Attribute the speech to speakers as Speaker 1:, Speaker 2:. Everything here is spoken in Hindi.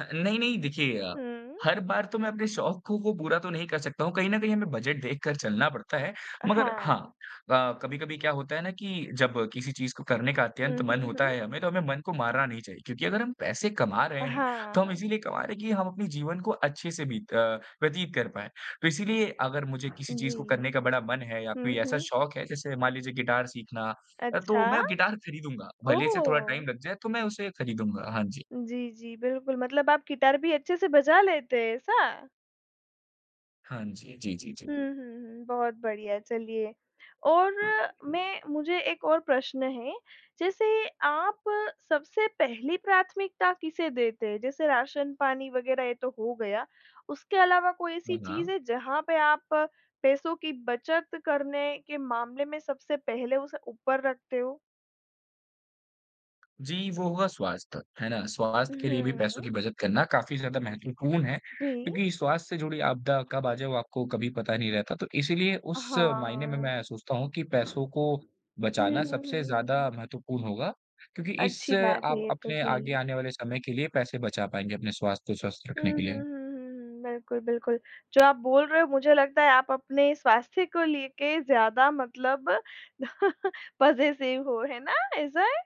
Speaker 1: ह नहीं-नहीं। देखिए,
Speaker 2: हुँ।
Speaker 1: हर बार तो मैं अपने शौक को पूरा तो नहीं कर सकता हूँ, कहीं न कहीं हमें बजट देखकर चलना पड़ता है।
Speaker 2: अ,
Speaker 1: मगर हाँ,
Speaker 2: हाँ।
Speaker 1: अ, कभी-कभी क्या होता है ना कि जब किसी चीज़ को करने का
Speaker 2: हुँ,
Speaker 1: अत्यंत
Speaker 2: हुँ,
Speaker 1: मन होता
Speaker 2: हुँ।
Speaker 1: है हमें, तो हमें मन को मारना नहीं चाहिए। क्योंकि अगर हम पैसे कमा रहे
Speaker 2: अ,
Speaker 1: हैं,
Speaker 2: हाँ,
Speaker 1: तो हम
Speaker 2: हाँ।
Speaker 1: इसीलिए कमा रहे हैं कि हम अपने जीवन को अच्छे से बीत अ, व्यतीत कर पाएँ। तो इसीलिए अगर मुझे किसी चीज़ को
Speaker 2: जी।
Speaker 1: करने का बड़ा मन है या
Speaker 2: हुँ,
Speaker 1: कोई ऐसा
Speaker 2: हुँ।
Speaker 1: शौक है, जैसे मान लीजिए गिटार सीखना अ, तो
Speaker 2: अच्छा!
Speaker 1: मैं गिटार खरीदूँगा। भले से थोड़ा
Speaker 2: ओह!
Speaker 1: टाइम लग जाए तो मैं उसे खरीदूँगा। हाँ जी।
Speaker 2: जी, जी बिल्कुल। मतलब आप गिटार भी अच्छे से बजा लेते हैं, ऐसा?
Speaker 1: हाँ जी। जी, जी, जी।
Speaker 2: हुँ, हुँ, हुँ। बहुत बढ़िया है चलिए और मैं मुझे एक और प्रश्न है जैसे, आप सबसे पहली प्राथमिकता किसे देते हैं जैसे राशन-पानी वग़ैरह ये तो हो गया, उसके अलावा कोई ऐसी
Speaker 1: हाँ,
Speaker 2: चीज़
Speaker 1: हाँ।
Speaker 2: है जहाँ पे आप पैसों की बचत करने के मामले में सबसे पहले उसे ऊपर रखते हो?
Speaker 1: जी, वो होगा स्वास्थ्य, है ना? स्वास्थ्य के लिए भी
Speaker 2: हुँ, हुँ।
Speaker 1: पैसों की बचत करना काफ़ी ज़्यादा महत्वपूर्ण है
Speaker 2: जी।
Speaker 1: क्योंकि स्वास्थ्य से जुड़ी आपदा कब आ जाए वो आपको कभी पता नहीं रहता। तो इसीलिए उस मायने में
Speaker 2: हाँ।
Speaker 1: मैं सोचता हूँ कि पैसों को
Speaker 2: हुँ, हुँ,
Speaker 1: बचाना
Speaker 2: हुँ,
Speaker 1: सबसे ज़्यादा
Speaker 2: हुँ।
Speaker 1: महत्वपूर्ण होगा क्योंकि इस
Speaker 2: अच्छी बात है
Speaker 1: आप
Speaker 2: ये तो।
Speaker 1: अपने आगे
Speaker 2: जी।
Speaker 1: आने वाले समय के लिए पैसे बचा पाएँगे, अपने स्वास्थ्य को स्वस्थ
Speaker 2: हुँ,
Speaker 1: रखने
Speaker 2: हुँ,
Speaker 1: के
Speaker 2: हुँ,
Speaker 1: लिए।
Speaker 2: हुँ, हुँ। बिल्कुल, बिल्कुल। जो आप बोल रहे हो मुझे लगता है आप अपने स्वास्थ्य को लेके ज़्यादा मतलब पज़ेसिव हो, है ना, ऐसा है?